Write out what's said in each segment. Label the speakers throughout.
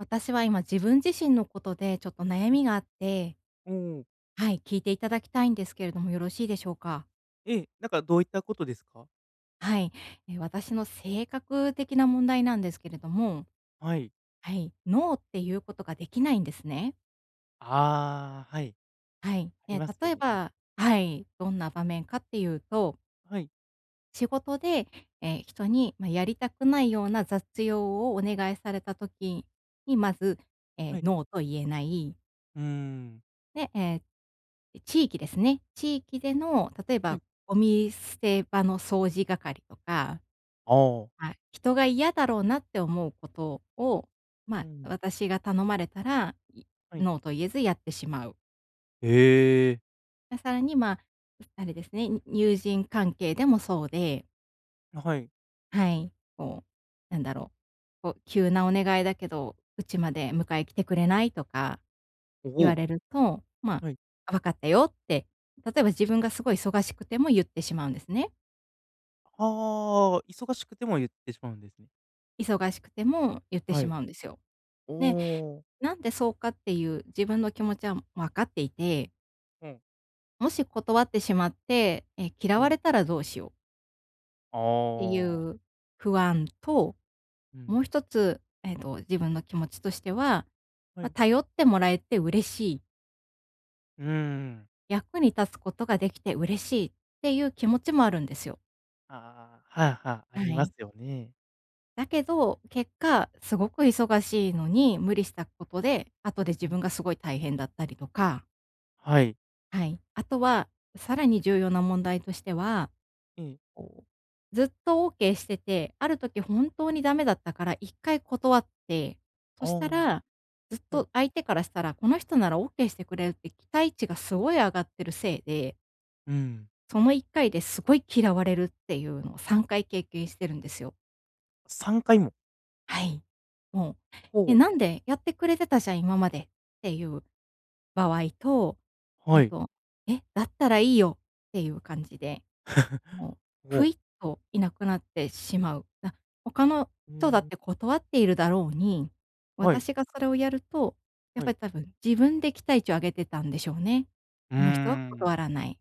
Speaker 1: 私は今、自分自身のことでちょっと悩
Speaker 2: はい。
Speaker 1: みがあって。
Speaker 2: うん。
Speaker 1: はい、聞いていただきたいんですけれども、よろしいでしょうか？
Speaker 2: ええ、なんかどういったことですか？
Speaker 1: はい。え、私の性格的な問題なんですけれども、
Speaker 2: はい。
Speaker 1: はい、ノーっていうことができないんですね。
Speaker 2: あ、はい。
Speaker 1: はい。
Speaker 2: あり
Speaker 1: え、
Speaker 2: ますよ
Speaker 1: 例え
Speaker 2: ね、うん。
Speaker 1: ば、はい、どんな場面かっていうと
Speaker 2: はい。
Speaker 1: 仕事で、え、人に、ま、やりたくないような雑用をお願いされた時に、まず、
Speaker 2: は
Speaker 1: え、
Speaker 2: い。
Speaker 1: ノーと言えない。
Speaker 2: うん。
Speaker 1: で、え、地域ですね。地域での例え
Speaker 2: はい。
Speaker 1: ばゴミ捨て場の掃除係とか、
Speaker 2: ああ。
Speaker 1: はい。人が嫌だろうなって思うことを、
Speaker 2: う
Speaker 1: ま、
Speaker 2: ん。
Speaker 1: 私が頼まれたら、い
Speaker 2: はい。
Speaker 1: ノーと言えずやってしまう。
Speaker 2: え。
Speaker 1: で、さらに、ま、あれですね、友人関係でもそうで。
Speaker 2: あ、はい。
Speaker 1: はい、こう、なんだろう、こう「急なお願いだけど、うちまで迎え来てくれない？」とか
Speaker 2: お
Speaker 1: 言わ
Speaker 2: お。
Speaker 1: れると、まあ
Speaker 2: はい。
Speaker 1: 「あ、分かったよ」って、例えば自分がすごい忙しくても言ってしまうんですね。
Speaker 2: はあ、忙しくても言ってしまうんですね。
Speaker 1: 忙しくても言って
Speaker 2: は
Speaker 1: し
Speaker 2: い。
Speaker 1: まうんですよ。
Speaker 2: お
Speaker 1: で、
Speaker 2: お。
Speaker 1: なんでそうかっていう自分の気持ちは分かっていて
Speaker 2: うん。
Speaker 1: もし断ってしまって、え、
Speaker 2: う
Speaker 1: 嫌わ
Speaker 2: ん。
Speaker 1: れたらどうしよう
Speaker 2: あ
Speaker 1: てい
Speaker 2: あ。
Speaker 1: う不安と、
Speaker 2: うん。
Speaker 1: もう一つ、えっと、自分の気持ちとしては、
Speaker 2: は
Speaker 1: まあ、
Speaker 2: い。
Speaker 1: 頼ってもらえて嬉しい。
Speaker 2: うーん。
Speaker 1: 役に立つことができて嬉しいっていう気持ちもあるんですよ。
Speaker 2: ああ、はあはあ、あ
Speaker 1: は
Speaker 2: ります
Speaker 1: い。
Speaker 2: よね。
Speaker 1: だけど、結果、すごく忙しいのに無理したことで、後で
Speaker 2: う
Speaker 1: 自
Speaker 2: ん。
Speaker 1: 分がすごい大変だったりとか
Speaker 2: はい。
Speaker 1: はい。あとは、さらに重要な問題としては、
Speaker 2: ええ。
Speaker 1: ずっと OK してて、ある時本当にダメだったから1回断って、そ
Speaker 2: あ
Speaker 1: した
Speaker 2: あ。
Speaker 1: らずっ
Speaker 2: はい。
Speaker 1: と、相手からしたら、この人なら OK してくれるって期待値がすごい上がってるせいで
Speaker 2: うん。
Speaker 1: その1回ですごい嫌われるっていうのを3回経験してるんですよ。
Speaker 2: 3回も。
Speaker 1: はい。もう。
Speaker 2: ほ
Speaker 1: で、
Speaker 2: う。
Speaker 1: 「なんでやってくれてたじゃん今まで」っていう場合と、え
Speaker 2: は
Speaker 1: っ
Speaker 2: い。
Speaker 1: と、「え、だったらいいよ」っていう感じで、もう、ふい
Speaker 2: お。
Speaker 1: っといなくなってしまう。な他の
Speaker 2: うー
Speaker 1: 人だっ
Speaker 2: ん。
Speaker 1: て断っているだろうに、
Speaker 2: はい。
Speaker 1: 私がそれをやると、やっ
Speaker 2: は
Speaker 1: ぱ
Speaker 2: い。
Speaker 1: りたぶん自分で期待値を上げてたんでしょうね。
Speaker 2: うー
Speaker 1: この人は断
Speaker 2: ん。
Speaker 1: らない。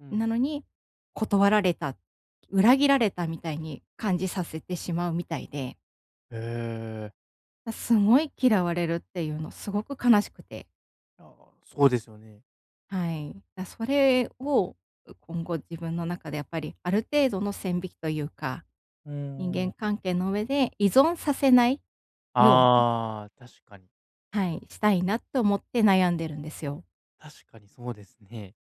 Speaker 2: う
Speaker 1: な
Speaker 2: ん。
Speaker 1: のに、断られた、裏切られたみたいに感じさせてしまうみたいで
Speaker 2: ええ。
Speaker 1: すごい嫌われるっていうのすごく悲しくて。
Speaker 2: ああ、そうですよね。
Speaker 1: はい。あ、それをう今後自分の中でやっぱりある程度の線引きというか、
Speaker 2: うん
Speaker 1: 人
Speaker 2: うんう
Speaker 1: 間
Speaker 2: ん。
Speaker 1: 関係の上で依存させないように。
Speaker 2: ああ、確かに。
Speaker 1: はい、したいなと思って悩んでるんですよ。
Speaker 2: 確かにそうですね。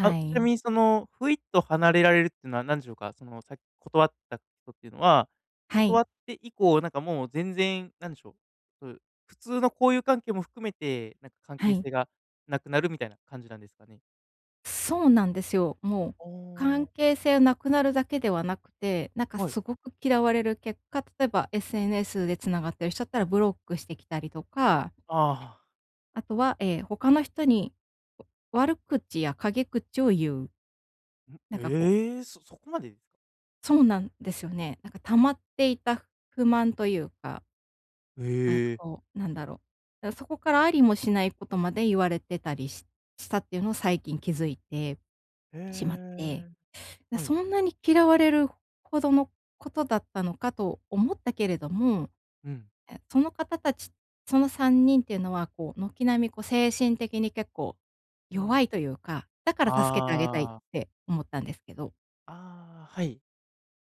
Speaker 2: あう、ちな
Speaker 1: い。
Speaker 2: みにその、ふいっと離れられるっていうのは何でしょうか、その、さっき断ったとっていうのは、
Speaker 1: は
Speaker 2: 断っ
Speaker 1: い。
Speaker 2: て以降、なんかもう全然、なんでしょう、うん、普通の交友関係も含めて、なんか関
Speaker 1: は
Speaker 2: 係
Speaker 1: い。
Speaker 2: 性がなくなるみたいな感じなんですかね。
Speaker 1: そうなんですよ。もう
Speaker 2: ああ。
Speaker 1: 関係性なくなるだけではなくて、なんか、
Speaker 2: はい。
Speaker 1: 凄く嫌われる結果、例えば SNS で繋がってる人だったら、ブロックしてきたりとか
Speaker 2: ああ。
Speaker 1: あとは、ええ、他の人に悪口や陰口を言う。
Speaker 2: ん、
Speaker 1: なんか、こう
Speaker 2: ええ、そそこまで？
Speaker 1: そうなんですよね。なんか溜まっていた不満と言うか。あ
Speaker 2: へ
Speaker 1: と、
Speaker 2: え。
Speaker 1: こう、何だろう。だか、そこから、ありもしない事まで言われてたりししたって言うのを、最近気付いて
Speaker 2: へ
Speaker 1: しまって。
Speaker 2: え。
Speaker 1: だ
Speaker 2: はい。
Speaker 1: そんなに嫌われる程の事だったのかと思ったけれども。
Speaker 2: うん。
Speaker 1: え、その方達その3人って言うのは、こう、軒並み、こう、精神的に結構、
Speaker 2: うん。
Speaker 1: 弱いというか、だから助けてあげたいっ
Speaker 2: ああ。
Speaker 1: て思ったんですけど。
Speaker 2: ああ、はい。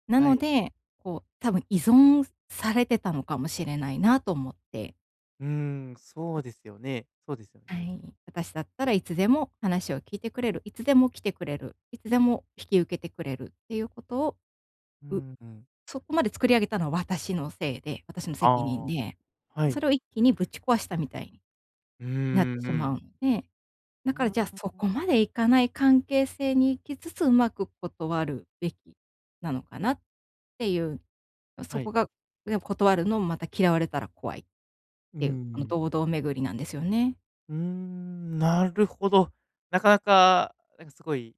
Speaker 1: な
Speaker 2: は
Speaker 1: の
Speaker 2: い。
Speaker 1: で、こう、多分依存されてたのかもしれないなと思って。
Speaker 2: うーん、そうですよねそうですよ
Speaker 1: は
Speaker 2: ね。
Speaker 1: い。私だったら、いつでも話を聞いてくれる、いつでも来てくれる、いつでも引き受けてくれるっていう事を、
Speaker 2: う
Speaker 1: う
Speaker 2: んうん。
Speaker 1: そこまで作り上げたのは、私のせいで私の
Speaker 2: あ
Speaker 1: 責任
Speaker 2: あ、
Speaker 1: で、
Speaker 2: は
Speaker 1: そ
Speaker 2: い。
Speaker 1: れを一気にぶち壊したみたいに
Speaker 2: うー
Speaker 1: なっ
Speaker 2: ん、う
Speaker 1: しまう
Speaker 2: ん。
Speaker 1: んで、
Speaker 2: う
Speaker 1: だ
Speaker 2: ー
Speaker 1: から、じゃあ、そこ
Speaker 2: ん。
Speaker 1: までいかない関係性に行きつつ、うまく断るべきなのかなって言う、んそ
Speaker 2: は
Speaker 1: こ
Speaker 2: い。
Speaker 1: が、や断るのも、また嫌われたら怖いって
Speaker 2: うんう
Speaker 1: 言う、あの、
Speaker 2: ん。
Speaker 1: 堂々巡りなんですよね。
Speaker 2: うーん。なるほど。なかなか、なんかすごい、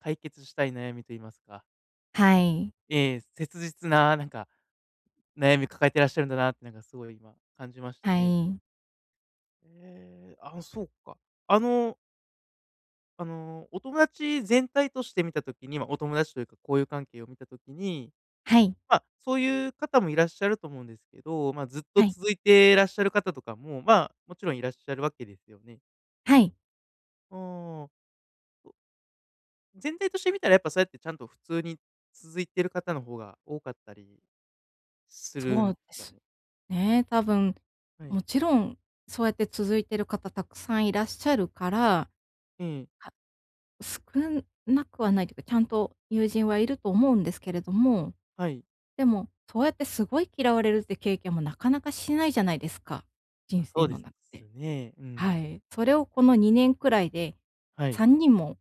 Speaker 2: 解決したい悩みと言いますか。
Speaker 1: はい。
Speaker 2: ええ、切実な、なんか、悩み抱えてらっしゃるんだなって、なんかすごい今、感じました
Speaker 1: は
Speaker 2: ね。
Speaker 1: い。
Speaker 2: ええ、ああ、そうか。あのあの、お友達全体として見た時にま、お友達というか、交友関係を見た時に、
Speaker 1: はい。
Speaker 2: まあ、そういう方もいらっしゃると思うんですけど、まあ、ずっと
Speaker 1: はい。
Speaker 2: 続いてらっしゃる方とかも、まあ、もちろんいらっしゃるわけですよね？
Speaker 1: はい。
Speaker 2: うーん。全体としてみたら、やっぱそうやって、ちゃんと普通に、続いている方の方が多かったりする
Speaker 1: そ
Speaker 2: ん
Speaker 1: うで
Speaker 2: だ
Speaker 1: す
Speaker 2: ね
Speaker 1: ね、多分。
Speaker 2: はい。
Speaker 1: もちろん、そうやって続いてる方沢山いらっしゃるから。
Speaker 2: ええ。
Speaker 1: は少なくはないというか、ちゃんと友人はいると思うんですけれども。
Speaker 2: はい。
Speaker 1: でも、そうやってすごい嫌われるっていう経験も、なかなかしないじゃないですか、
Speaker 2: あ、
Speaker 1: 人
Speaker 2: そ
Speaker 1: 生
Speaker 2: うで
Speaker 1: の
Speaker 2: す
Speaker 1: 中で。
Speaker 2: ね、うん。
Speaker 1: はい、それをこの2年くらいで、
Speaker 2: はい。
Speaker 1: 3人も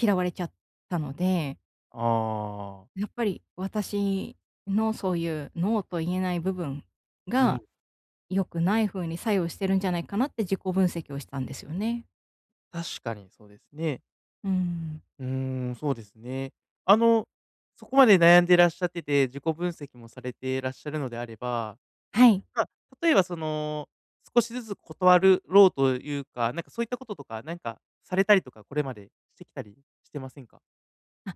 Speaker 1: 嫌われちゃったので
Speaker 2: あ。
Speaker 1: やっぱり私のそういうノーと言えない部分
Speaker 2: うん。
Speaker 1: が、良くない風に作用してるんじゃないかなって自己分析をしたんですよね。
Speaker 2: 確かにそうですね。
Speaker 1: うん。
Speaker 2: うん、そうですね。あの、そこまで悩んでいらっしゃってて、自己分析もされてらっしゃるのであれば、
Speaker 1: はい。
Speaker 2: ま、例えばその、少しずつ断るろうというか、なんかそういったこととかなんかされたりとか、これまでしてきたりしてませんか？
Speaker 1: あ、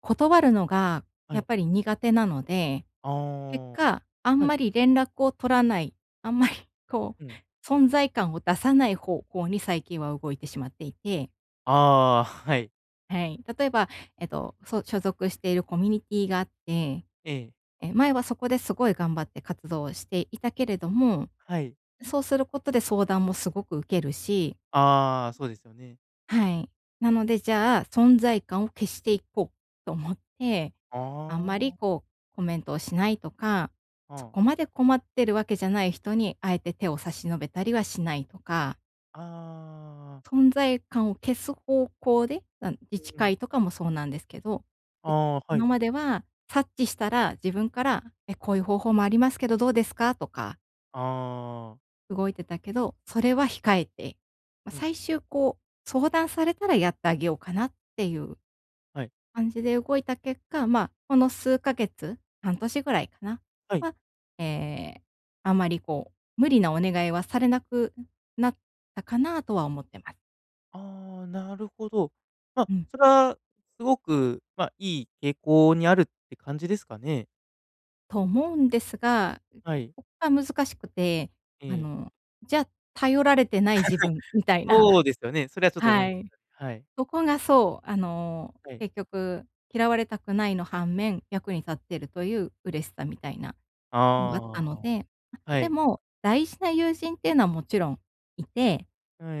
Speaker 1: 断るのが
Speaker 2: は
Speaker 1: やっ
Speaker 2: い。
Speaker 1: ぱり苦手なので、
Speaker 2: あ、
Speaker 1: 結果、あ
Speaker 2: は
Speaker 1: ん
Speaker 2: い。
Speaker 1: まり連絡を取らない、あんまり、こ
Speaker 2: うん。
Speaker 1: う存在感を出さない方向に最近は動いてしまっていて。
Speaker 2: あ、はい。
Speaker 1: はい。例えば、えっと、そう、所属しているコミュニティーがあって、
Speaker 2: ええ。
Speaker 1: え、前はそこですごい頑張って活動をしていたけれども、
Speaker 2: はい。
Speaker 1: そうすることで相談もすごく受けるし
Speaker 2: あ、そうですよね。
Speaker 1: はい。なのでじゃあ、存在感を消していこうと思って、あんまり
Speaker 2: あ。
Speaker 1: こう、コメントをしないとか、
Speaker 2: あ
Speaker 1: そ
Speaker 2: あ。
Speaker 1: こまで困ってるわけじゃない人に、あえて手を差し伸べたりはしないとか。
Speaker 2: ああ。あ、あ、あ。
Speaker 1: 存在感を消す方向で、あん自治
Speaker 2: うん。
Speaker 1: 会とかもそうなんですけど。で、
Speaker 2: ああ、は
Speaker 1: 今
Speaker 2: い。
Speaker 1: までは察知したら自分から、え、こういう方法もありますけど、どうですかとか
Speaker 2: ああああああああ。
Speaker 1: 動いてたけど、それは
Speaker 2: はい。
Speaker 1: 控えて。まあ、
Speaker 2: うん、
Speaker 1: 最
Speaker 2: うん。
Speaker 1: 終、こう、相談されたらやってあげようかなっていう
Speaker 2: はい。
Speaker 1: 感じで動いた結果、まあ、この数ヶ月半年ぐ
Speaker 2: ん、
Speaker 1: らいかな、
Speaker 2: はい。
Speaker 1: は、ええ、あんまりこう、無理なお願いはされなくんなったかな、とは思ってます。
Speaker 2: ああ、なるほど。まあ、
Speaker 1: うん。
Speaker 2: それはすごくまあ、いい傾向にあるって感じですかね。
Speaker 1: と、思うんですが、
Speaker 2: はい。
Speaker 1: ここが難しくて。あ
Speaker 2: ええ。
Speaker 1: の、じゃあ、頼られてない自分み たいな
Speaker 2: そう ですよね。それはちょっと思い
Speaker 1: は
Speaker 2: まし
Speaker 1: い。
Speaker 2: たね、はい。
Speaker 1: そこがそう、あの、
Speaker 2: はい。
Speaker 1: 結局、嫌われたくないの反面、役に立
Speaker 2: う
Speaker 1: っ
Speaker 2: ん。
Speaker 1: ているという嬉しさみたいな
Speaker 2: あ
Speaker 1: のがあっ
Speaker 2: あ、
Speaker 1: たの
Speaker 2: あ
Speaker 1: で。ま、
Speaker 2: あ。は
Speaker 1: で
Speaker 2: い。
Speaker 1: も、大事な友人っていうのはもちろんい
Speaker 2: え、
Speaker 1: て、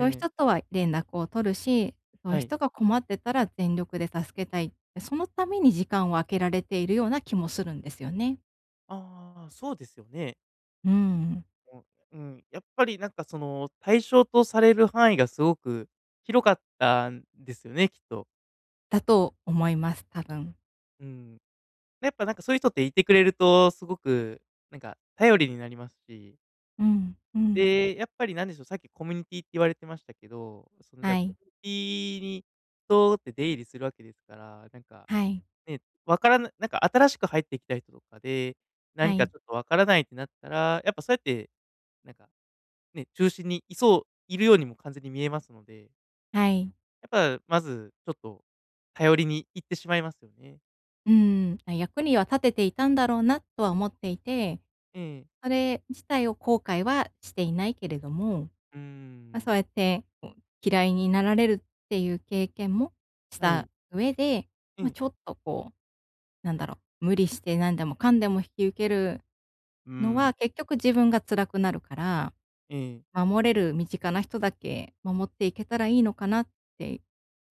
Speaker 1: そういう
Speaker 2: い。
Speaker 1: 人とは連絡を取るし、そういう
Speaker 2: はい。
Speaker 1: 人が困ってたら全力で助けたい。そのために時間を空けられているような気もするんですよね。
Speaker 2: ああ、そうですよね。
Speaker 1: うーん。
Speaker 2: うん、うん、やっぱりなんかその対象とされる範囲がすごく広かったんですよね、きっと。
Speaker 1: だと思います、多分。
Speaker 2: うーん。やっぱなんかそういう人っていてくれるとすごく、なんか頼りになりますし。
Speaker 1: うん、うん。
Speaker 2: で、やっぱりなんでしょう、さっきコミュニティって言われてましたけど、そのじゃ
Speaker 1: は
Speaker 2: コ
Speaker 1: い。
Speaker 2: ミュニティに、とって出入りするわけですから、なんか、
Speaker 1: はい。
Speaker 2: ね、わからななんか新しく入ってきた人とかで、
Speaker 1: は
Speaker 2: 何か
Speaker 1: い。
Speaker 2: ちょっと分からないってなったら、やっぱそうやって、なんか、ね、中心にいそういるようにも完全に見えますので。
Speaker 1: はい。
Speaker 2: やぱ、まずちょっと頼りにいってしまいますよね。
Speaker 1: うーん、役には立てていたんだろうなとは思っていて、
Speaker 2: うん。
Speaker 1: それ自体を後悔はしていないけれども、
Speaker 2: うー
Speaker 1: まあ、そ
Speaker 2: ん。
Speaker 1: うやって、嫌いになられるっていう経験もし
Speaker 2: はい。
Speaker 1: た上で、
Speaker 2: う
Speaker 1: ま、
Speaker 2: ん。
Speaker 1: ちょっとこう、なんだろう、無理して何でもかんでも引き受ける
Speaker 2: うー
Speaker 1: の
Speaker 2: ん。
Speaker 1: は、結局自分が辛くなるから、
Speaker 2: うん。
Speaker 1: 守れる身近な人だけ守っていけたらいいのかなって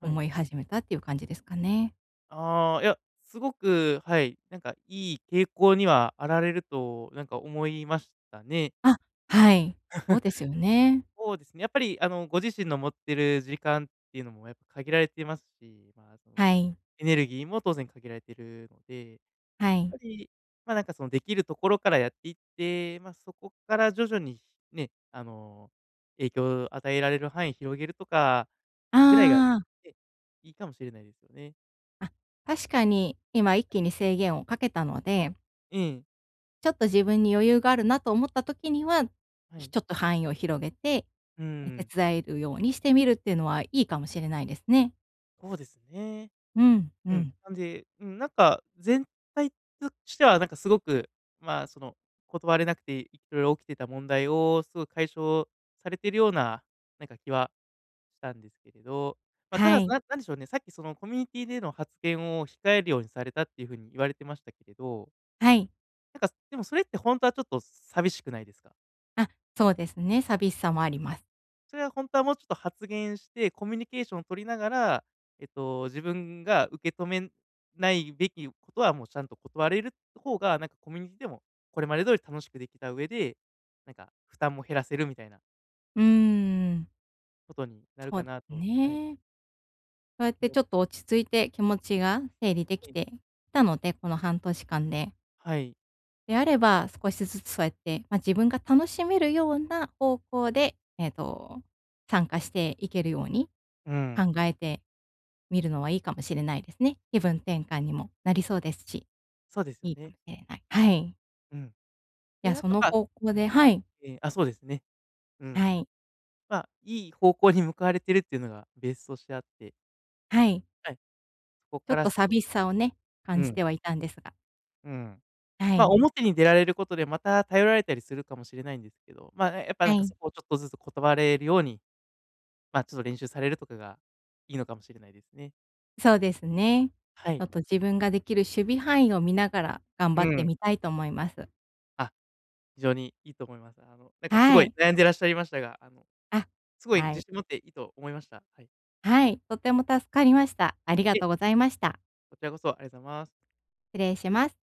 Speaker 2: はい。
Speaker 1: 思い始めたっていう感じですかね。
Speaker 2: ああ、いや、すごく、はい、なんかいい傾向にはあられると、なんか思いましたね。
Speaker 1: あ、はい。そうですよ ね。
Speaker 2: そうですね、やっぱりあのご自身の持ってる時間っていうのもやっぱ限られてますし、まあ、その、
Speaker 1: はい。
Speaker 2: エネルギーも当然限られてるので、やっ
Speaker 1: は
Speaker 2: ぱ
Speaker 1: い。
Speaker 2: り、まあなんかその、できるところからやっていって、まあ、そこから徐々にね、あの、影響を与えられる範囲広げるとかぐらいが、
Speaker 1: ああ。
Speaker 2: ね、いいかもしれないですよね。
Speaker 1: あ、確かに、今一気に制限をかけたので
Speaker 2: ええ。
Speaker 1: ちょっと自分に余裕があるなと思った時には、
Speaker 2: は
Speaker 1: ひ
Speaker 2: い。
Speaker 1: ちょっと範囲を広げて、
Speaker 2: う
Speaker 1: え
Speaker 2: ん。
Speaker 1: 手伝えるようにしてみるっていうのはいいかもしれないですね。
Speaker 2: そうですね。
Speaker 1: うん、う
Speaker 2: うん、
Speaker 1: ん。
Speaker 2: なんで、うん、なんか、全体としてはなんかすごく、まあ、その、断れなくて色々起きてた問題をすごく解消されてるような、なんか気はしたんですけれど、まあ、た
Speaker 1: は
Speaker 2: だ、す
Speaker 1: い。
Speaker 2: なんなんでしょうね、さっきその、コミュニティでの発言を控えるようにされたっていうふうに言われてましたけれど
Speaker 1: はい。
Speaker 2: なんか、でもそれってほんとはちょっと寂しくないですか？
Speaker 1: あ、そうですね、寂しさもあります。
Speaker 2: それはほんとは、もうちょっと発言して、コミュニケーションを取りながら、えっと、自分が受け止めないべきことはもうちゃんと断れると方が、なんかコミュニティでも、これまで通り楽しくできた上で、なんか負担も減らせるみたいな
Speaker 1: うん。
Speaker 2: ことになる
Speaker 1: そ
Speaker 2: か
Speaker 1: うで
Speaker 2: なとはい。
Speaker 1: ね。そうやっ
Speaker 2: い
Speaker 1: て
Speaker 2: や
Speaker 1: ちょっと落ち着いて、気持ちが整理でき
Speaker 2: えい。
Speaker 1: てきたので、この半年間で。
Speaker 2: はい。
Speaker 1: で、あれば、少しずつそうやって、ま、自分が楽しめるような方向で、えっと、参加していけるように、
Speaker 2: うん。
Speaker 1: 考えてみるのはいいかもしれないですね。気分転換にもなりそうですし、
Speaker 2: そうですよ
Speaker 1: いいか
Speaker 2: ね。
Speaker 1: も、え、あい。はい。
Speaker 2: うん。
Speaker 1: い
Speaker 2: で、
Speaker 1: や、
Speaker 2: なん
Speaker 1: そ
Speaker 2: と
Speaker 1: の
Speaker 2: か
Speaker 1: 方向
Speaker 2: うん、
Speaker 1: で、
Speaker 2: あ
Speaker 1: はい。
Speaker 2: えあ、そうですね、うん。
Speaker 1: はい。
Speaker 2: まあ、いい方向に向かわれてるっていうのがベースとしてあって
Speaker 1: はい。
Speaker 2: はい、こっ
Speaker 1: ちょ
Speaker 2: か
Speaker 1: っ
Speaker 2: ら
Speaker 1: と
Speaker 2: 少
Speaker 1: 寂
Speaker 2: し
Speaker 1: しさをね、
Speaker 2: う
Speaker 1: 感じ
Speaker 2: ん。
Speaker 1: てはいたんですが。
Speaker 2: うん。
Speaker 1: は
Speaker 2: ま、
Speaker 1: い。
Speaker 2: 表に出られることで、また、頼られたりするかもしれないんですけど、まあ、え、やっぱな
Speaker 1: は
Speaker 2: んか、そ
Speaker 1: い。
Speaker 2: こをちょっとずつ断れるように、ま、ちょっと練習されるとかがいいのかもしれないですね。
Speaker 1: そうですね。
Speaker 2: は
Speaker 1: ちょ
Speaker 2: い、
Speaker 1: っと
Speaker 2: は
Speaker 1: 自
Speaker 2: い。
Speaker 1: 分ができる守備範囲を見ながら頑
Speaker 2: う
Speaker 1: 張って
Speaker 2: ん。
Speaker 1: みたいと思います。
Speaker 2: あ、非常にいいと思います。あの、なんかす
Speaker 1: は
Speaker 2: ごい
Speaker 1: い。
Speaker 2: 悩んでらっしゃいましたが、あの、
Speaker 1: あ、
Speaker 2: すごい
Speaker 1: は
Speaker 2: 自
Speaker 1: い。
Speaker 2: 信持っていいと思いました、はい。
Speaker 1: はい、とても助かりました。ありが
Speaker 2: え。
Speaker 1: とうございました。
Speaker 2: こちらこそ、ありがとうございます。
Speaker 1: 失礼します。